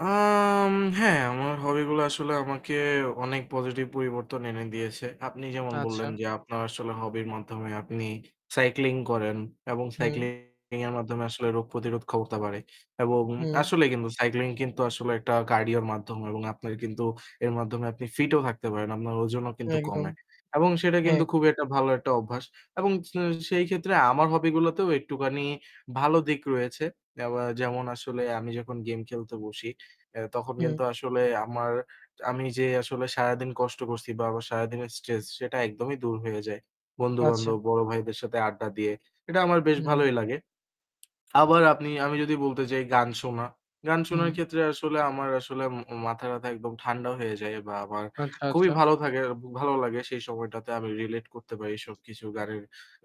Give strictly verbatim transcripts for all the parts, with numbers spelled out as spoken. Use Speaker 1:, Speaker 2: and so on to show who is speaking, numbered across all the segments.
Speaker 1: আম হ্যাঁ, আমার hobby গুলা আসলে আমাকে অনেক positive পরিবর্তন এনে দিয়েছে। আপনি যেমন বললেন,
Speaker 2: আচ্ছা।
Speaker 1: যে আপনার আসলে hobby র মাধ্যমে আপনি cycling করেন এবং
Speaker 2: হুম।
Speaker 1: cycling এর মাধ্যমে আসলে রোগ প্রতিরোধ করতে পারে এবং
Speaker 2: হুম।
Speaker 1: আসলেই কিন্তু cycling কিন্তু আসলে একটা cardio র মাধ্যম এবং আপনার কিন্তু এর মাধ্যমে আপনি fit ও থাকতে পারেন। আপনার ওজনও কিন্তু
Speaker 2: একদম,
Speaker 1: কমে এবং সেটা
Speaker 2: হ্যাঁ।
Speaker 1: কিন্তু খুব একটা ভালো একটা অভ্যাস এবং স সেই ক্ষেত্রে আমার hobby গুলোতেও একটুখানি ভালো দিক রয়েছে। এবা যেমন আসলে আমি যখন game খেলতে বসি, এ তখন
Speaker 2: হুম।
Speaker 1: কিন্তু আসলে আমার আমি যে আসলে সারাদিন কষ্ট করছি বা আমার সারাদিনের stress সেটা একদমই দূর হয়ে যায়। বন্ধু-বান্ধব,
Speaker 2: আচ্ছা।
Speaker 1: বড় ভাইদের সাথে আড্ডা দিয়ে এটা আমার বেশ
Speaker 2: হুম।
Speaker 1: ভালোই লাগে। আবার আপনি আমি যদি বলতে যাই গান শোনা, গান শোনার
Speaker 2: হুম।
Speaker 1: ক্ষেত্রে আসলে আমার আসলে মা মাথাটা একদম ঠান্ডা হয়ে যায় বা আমার
Speaker 2: আচ্ছা,
Speaker 1: খুবই
Speaker 2: আচ্ছা।
Speaker 1: ভালো থাকে, খুব ভালো লাগে সেই সময়টাতে। আমি relate করতে পারি সবকিছু গানের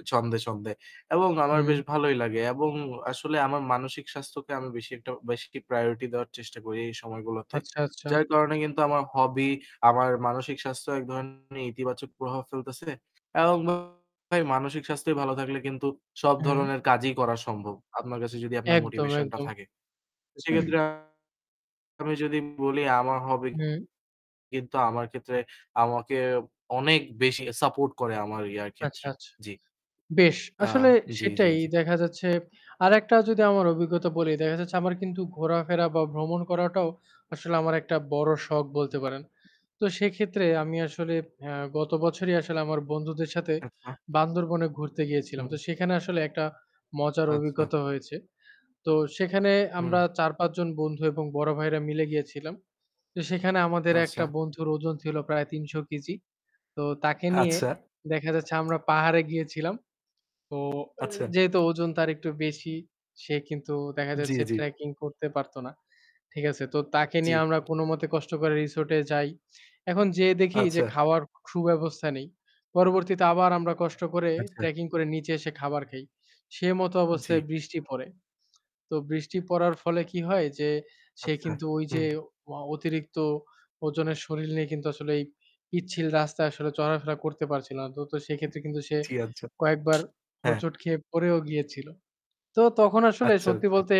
Speaker 1: ছন্দে, ছন্দে এবং আমার বেশ
Speaker 2: হুম।
Speaker 1: ভালোই লাগে এবং আসলে আমার মানসিক স্বাস্থ্যকে আমি বেশি একটা বেশি priority দেওয়ার চেষ্টা করি এই সময়গুলাতে।
Speaker 2: আচ্ছা, আচ্ছা।
Speaker 1: যার কারণে কিন্তু আমার hobby আমার মানসিক স্বাস্থ্যের এক ধরনের ইতিবাচক প্রভাব ফেলতেছে এবং ভাই মানসিক স্বাস্থ্য ভালো থাকলে কিন্তু সব
Speaker 2: হুম।
Speaker 1: ধরনের কাজই করা সম্ভব। আপনার কাছে যদি আপনার
Speaker 2: একদম,
Speaker 1: motivation টা
Speaker 2: একদম।
Speaker 1: থাকে। তো সেক্ষেত্রে
Speaker 2: উম
Speaker 1: আমি যদি বলি আমার hobby
Speaker 2: হুম।
Speaker 1: কিন্তু আমার ক্ষেত্রে আমাকে অনেক বেশি support করে আমার ইয়ার
Speaker 2: আচ্ছা,
Speaker 1: ক্ষেত্রে।
Speaker 2: আচ্ছা।
Speaker 1: জি।
Speaker 2: বেশ।
Speaker 1: আ
Speaker 2: আসলে
Speaker 1: জি, জি,
Speaker 2: সেটাই
Speaker 1: জি।
Speaker 2: দেখা যাচ্ছে। আরেকটা যদি আমার অভিজ্ঞতা বলি, দেখা যাচ্ছে আমার কিন্তু ঘোরাফেরা বা ভ্রমণ করাটাও আসলে আমার একটা বড় শখ বলতে পারেন। তো সেক্ষেত্রে আমি আসলে আ গত বছরই আসলে আমার বন্ধুদের সাথে
Speaker 1: আচ্ছা।
Speaker 2: বান্দরবনে ঘুরতে গিয়েছিলাম।
Speaker 1: হুম।
Speaker 2: তো সেখানে আসলে একটা মজার
Speaker 1: আচ্ছা।
Speaker 2: অভিজ্ঞতা হয়েছে। তো সেখানে আমরা
Speaker 1: হুম।
Speaker 2: চার-পাঁচ জন বন্ধু এবং বড় ভাইয়েরা মিলে গিয়েছিলাম। তো সেখানে আমাদের
Speaker 1: আচ্ছা।
Speaker 2: একটা বন্ধুর ওজন ছিল প্রায় তিনশ কেজি। তো তাকে নিয়ে
Speaker 1: আচ্ছা।
Speaker 2: দেখা যাচ্ছে আমরা পাহাড়ে গিয়েছিলাম। তো
Speaker 1: আচ্ছা।
Speaker 2: যেহেতু ওজন তার একটু বেশি, সে কিন্তু দেখা
Speaker 1: জি,
Speaker 2: যাচ্ছে
Speaker 1: জি।
Speaker 2: trekking করতে পারত না। ঠিক আছে? তো তাকে
Speaker 1: জি।
Speaker 2: নিয়ে আমরা কোনমতে কষ্ট করে resort-এ যাই। এখন যেয়ে দেখি যে
Speaker 1: আচ্ছা।
Speaker 2: খাওয়ার খুব ব্যবস্থা নেই। পরবর্তীতে আবার আমরা কষ্ট করে
Speaker 1: আচ্ছা।
Speaker 2: trekking করে নিচে এসে খাবার খাই। সে মত অবস্থায়
Speaker 1: জি।
Speaker 2: বৃষ্টি পড়ে। তো বৃষ্টি পড়ার ফলে কি হয় যে সে
Speaker 1: আচ্ছা,
Speaker 2: কিন্তু ওই
Speaker 1: হুম।
Speaker 2: যে অ অতিরিক্ত ওজনের শরীল নিয়ে কিন্তু আসলে এই পিচ্ছিল রাস্তায় আসলে চলাফেরা করতে পারছিল না। তো, তো সেক্ষেত্রে কিন্তু সে
Speaker 1: জি, আচ্ছা।
Speaker 2: কয়েকবার
Speaker 1: হ্যাঁ।
Speaker 2: হোঁচট খেয়ে পড়েও গিয়েছিল। তো তখন আসলে
Speaker 1: আচ্ছা,
Speaker 2: সত্যি
Speaker 1: আচ্ছা।
Speaker 2: বলতে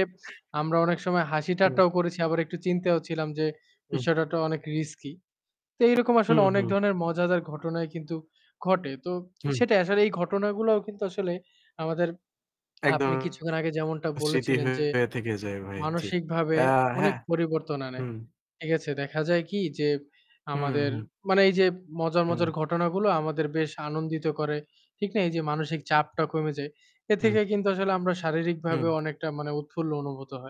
Speaker 2: আমরা অনেক সময় হাসি
Speaker 1: হুম।
Speaker 2: ঠাট্টাও করেছি। আবার একটু চিন্তাও ছিলাম যে
Speaker 1: উম
Speaker 2: বিষয়টা তো অনেক risky. তো এইরকম আসলে
Speaker 1: হুম,
Speaker 2: অনেক
Speaker 1: হুম।
Speaker 2: ধরনের মজাদার ঘটনাই কিন্তু ঘটে। তো
Speaker 1: হুম।
Speaker 2: সেটা আসলে এই ঘটনাগুলোও কিন্তু আসলে আমাদের,
Speaker 1: একদম
Speaker 2: আপনি কিছুক্ষণ আগে যেমনটা
Speaker 1: স্মৃতি
Speaker 2: বলেছিলেন যে
Speaker 1: হয়ে থেকে যায় ভাই। জি।
Speaker 2: মানসিকভাবে
Speaker 1: অ্যা
Speaker 2: অনেক
Speaker 1: হ্যাঁ।
Speaker 2: পরিবর্তন আনে।
Speaker 1: হুম।
Speaker 2: ঠিক আছে? দেখা যায় কি যে
Speaker 1: হুম,
Speaker 2: আমাদের
Speaker 1: হুম।
Speaker 2: মানে এই যে মজার,
Speaker 1: হুম।
Speaker 2: মজার ঘটনাগুলো আমাদের বেশ আনন্দিত করে। ঠিক না? এই যে মানসিক চাপটা কমে যায়। এ
Speaker 1: উম
Speaker 2: থেকে কিন্তু আসলে আমরা শারীরিকভাবে
Speaker 1: হুম।
Speaker 2: অনেকটা মানে উৎফুল্ল অনুভূত হয়।